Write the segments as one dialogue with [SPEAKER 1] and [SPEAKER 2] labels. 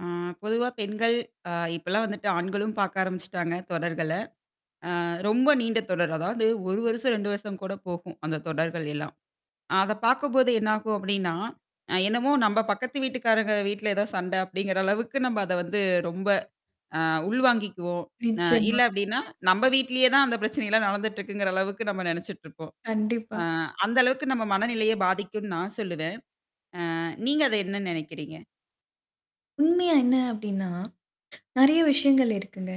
[SPEAKER 1] அ பொதுவா பெண்கள், அ இப்பலாம் வந்துட்டு ஆண்களும் பாக்க ஆரம்பிச்சுட்டாங்க தொடர்கள. அ ரொம்ப நீண்ட தொடர். அதாவது 1 வருஷம், 2 வருஷம் கூட போகும். அந்த தொடர்கள் எல்லாம். அத பாக்கும்போது என்னாகும் அப்படின்னா, அ என்னமோ நம்ம பக்கத்து வீட்டுக்காரங்க வீட்ல ஏதோ சண்டை அப்படிங்கிற அளவுக்கு நம்ம அத வந்து ரொம்ப அ உள் வாங்கிக்குவோம். அ இல்ல
[SPEAKER 2] நிச்சயமா.
[SPEAKER 1] அப்டின்னா, நம்ம வீட்லயே தான் அந்த பிரச்சனைல்லாம் நடந்துட்டு இருக்குங்கிற அளவுக்கு நம்ம நினச்சுட்டுருப்போம். அ
[SPEAKER 2] கண்டிப்பா.
[SPEAKER 1] அந்த அளவுக்கு நம்ம மனநிலையை பாதிக்கும்ன்னு நான் சொல்லுவேன். ஆ நீங்க அத என்ன நினைக்கிறீங்க?
[SPEAKER 2] உண்மையா என்ன அப்டின்னா? நெறைய விஷயங்கள் இருக்குங்க.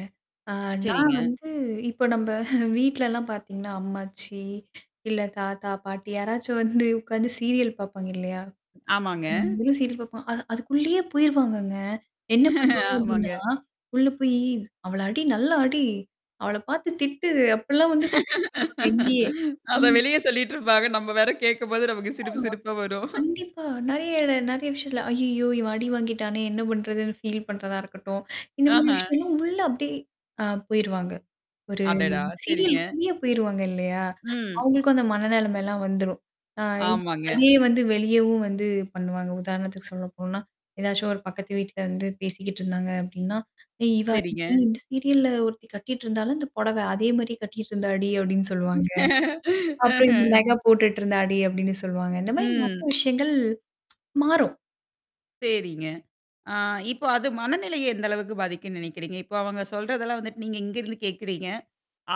[SPEAKER 2] ஆ நான்
[SPEAKER 1] சேரிங்க.
[SPEAKER 2] வந்து இப்ப நம்ப வீட்லலாம் பாத்தீங்கன்னா, அம்மாச்சி, இல்ல தாத்தா, பாட்டி யாராச்சும் வந்து உக்காந்து சீரியல் பாப்பாங்க, இல்லையா?
[SPEAKER 1] ஆமாங்க.
[SPEAKER 2] அ நம்மளும் சீரியில் பாப்போம். அ அதுக்குள்ளேயே போயிருவாங்கங்க. என்ன பண்ணுவாங்க அப்டின்னா,
[SPEAKER 1] ஆமாங்க.
[SPEAKER 2] உள்ள போய் அவள அடி நல்ல அடி. அவள பார்த்து திட்டு. அப்படிலாம் வந்து சொல்லு எங்கயே
[SPEAKER 1] அத
[SPEAKER 2] ம்.
[SPEAKER 1] வெளிய சொல்லிட்டு இருப்பாங்க. நம்ம வேற கேட்கும்போது நமக்கு
[SPEAKER 2] ஆமாமா.
[SPEAKER 1] சிரிப்பு, சிரிப்பா வரும்.
[SPEAKER 2] கண்டிப்பா. நெறைய இட நெறைய விஷயத்தல. ஐய்யய்யோ! இவன் அடி வாங்கிட்டானே என்ன பண்றதுன்னு ஃபீல் பண்றதா இருக்கட்டும். இந்த மாதிரி
[SPEAKER 1] ஆஹா.
[SPEAKER 2] விஷயம்லாம் உள்ள அப்படியியே ஆ போயிருவாங்க. ஒரு
[SPEAKER 1] அடடா! சேரிங்க.
[SPEAKER 2] சீரியல்குள்ளயே போயிருவாங்க இல்லையா?
[SPEAKER 1] ம்.
[SPEAKER 2] அவங்களுக்கும் அந்த மனநெலைமைலாம் வந்துரும். ஆ இப்ப
[SPEAKER 1] ஆமாங்க.
[SPEAKER 2] அதே வந்து வெளியவும் வந்து பண்ணுவாங்க. உதாரணத்துக்கு சொல்லப்போனா. ஏதாச்சும் ஒரு பக்கத்து வீட்ல இருந்து பேசிக்கிட்டு இருந்தாங்க அப்ப்டின்னா, "ஏய் இவ
[SPEAKER 1] சேரிங்க.
[SPEAKER 2] அன்னைக்கு இந்த சீரியல்ல ஒருத்தி கட்டிட்டு இருந்தால்ல இந்த புடவ அதே மாரியே கட்டிட்டு இருந்தாடி" அபப்டின்னு சொல்லுவாங்க. அப்புறம் இந்த
[SPEAKER 1] அஹ.
[SPEAKER 2] நக போட்டுட்டு இருந்தாடி அப்டின்னு சொல்லுவாங்க. இந்த மாரி நெறைய
[SPEAKER 1] ம்.
[SPEAKER 2] விஷயங்கள். மாறும்.
[SPEAKER 1] சேரிங்க. ஆ இப்போ அது மனநிலைய எந்த அளவுக்கு பாதிக்கும்ன்னு நெனைைக்கிறீங்க. இப்போ அவங்க சொல்றதெல்லாம் வந்துட்டு நீங்க இங்கருந்து கேட்கறீங்க.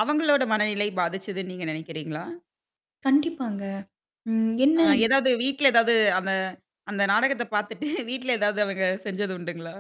[SPEAKER 1] அவங்களோட மனநிலை பாதிச்சுதுன்னு நீங்க நெனைக்கிறீங்களா?
[SPEAKER 2] கண்டிப்பாங்க. ம் என்ன?
[SPEAKER 1] அ ஏதாவது வீட்ல ஏதாவது அந்த அந்த நாடகத்த பார்த்துட்டு, வீட்ல ஏதாவது அவங்க செஞ்சது உண்டுங்களா?